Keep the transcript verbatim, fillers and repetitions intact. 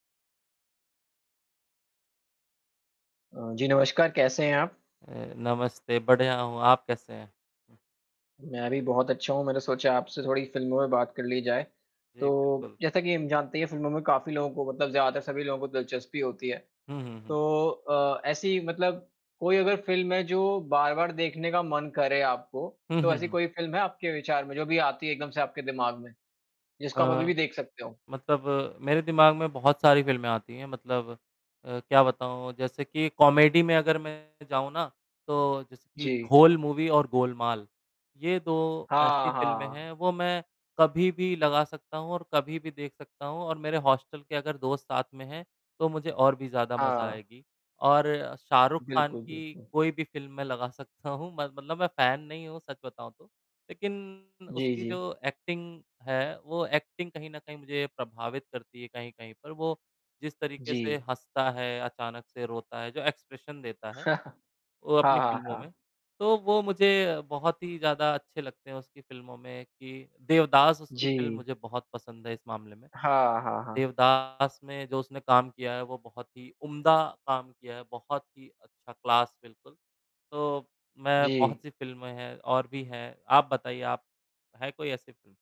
अ, जी, नमस्कार, कैसे हैं आप? अ, नमस्ते, बढ़िया हूँ, आप कैसे हैं? मैं भी बहुत अच्छा हूँ, मैंने सोचा आपसे थोड़ी फ़िल्मों पे बात कर ली जाए, जी, तो, बिल्कुल। जैसा कि हम जानते ही हैं फ़िल्मों में काफ़ी लोगों को मतलब ज़्यादातर सभी लोगों को दिलचस्पी होती है, हुँ, हुँ, हुँ। तो अ, ऐसी मतलब कोई अगर फ़िल्म है जो बार-बार देखने का मन करे आपको, हुँ, तो हुँ, ऐसी हुँ। कोई फ़िल्म है आपके विचार में जो अभी आती है एकदम से आपके दिमाग़ में, जिसको आप अ, अभी-भी देख सकते हो? मतलब मेरे दिमाग़ में बहुत सारी फ़िल्में आती हैं, मतलब अ, क्या बताऊँ, जैसे कि कॉमेडी में अगर मैं जाऊँ ना तो जैसे कि जी। ढोल मूवी और गोलमाल, ये दो ऐसी हाँ, फ़िल्में हैं, हाँ। वो मैं कभी भी लगा सकता हूँ और कभी भी देख सकता हूँ और मेरे हॉस्टल के अगर दोस्त साथ में हैं तो मुझे और भी ज़्यादा मज़ा हाँ। आएगी और शाहरुख़ खान बिल्कुल, की बिल्कुल। कोई भी फ़िल्म मैं लगा सकता हूँ म मतलब मैं फ़ैन नहीं हूँ सच बताऊँ तो, लेकिन जी, उसकी जी। जो एक्टिंग है, वो एक्टिंग कहीं न कहीं मुझे प्रभावित करती है, कहीं-कहीं पर वो जिस तरीक़े से जी। हँसता है, अचानक से रोता है, जो एक्सप्रेशन देता है, वो अपनी हाँ, हाँ, फ़िल्मों में, हाँ। तो वो मुझे बहुत ही ज़्यादा अच्छे लगते हैं उसकी फ़िल्मों में कि देवदास उसकी फ़िल्म जी। मुझे बहुत पसंद है इस मामले में, हाँ, हाँ, हाँ। देवदास में जो उसने काम किया है वो बहुत ही उम्दा काम किया है, बहुत ही अच्छा क्लास बिल्कुल, तो मैं जी। बहुत सी फ़िल्में हैं और भी हैं, आप बताइए आप है कोई ऐसी फ़िल्म?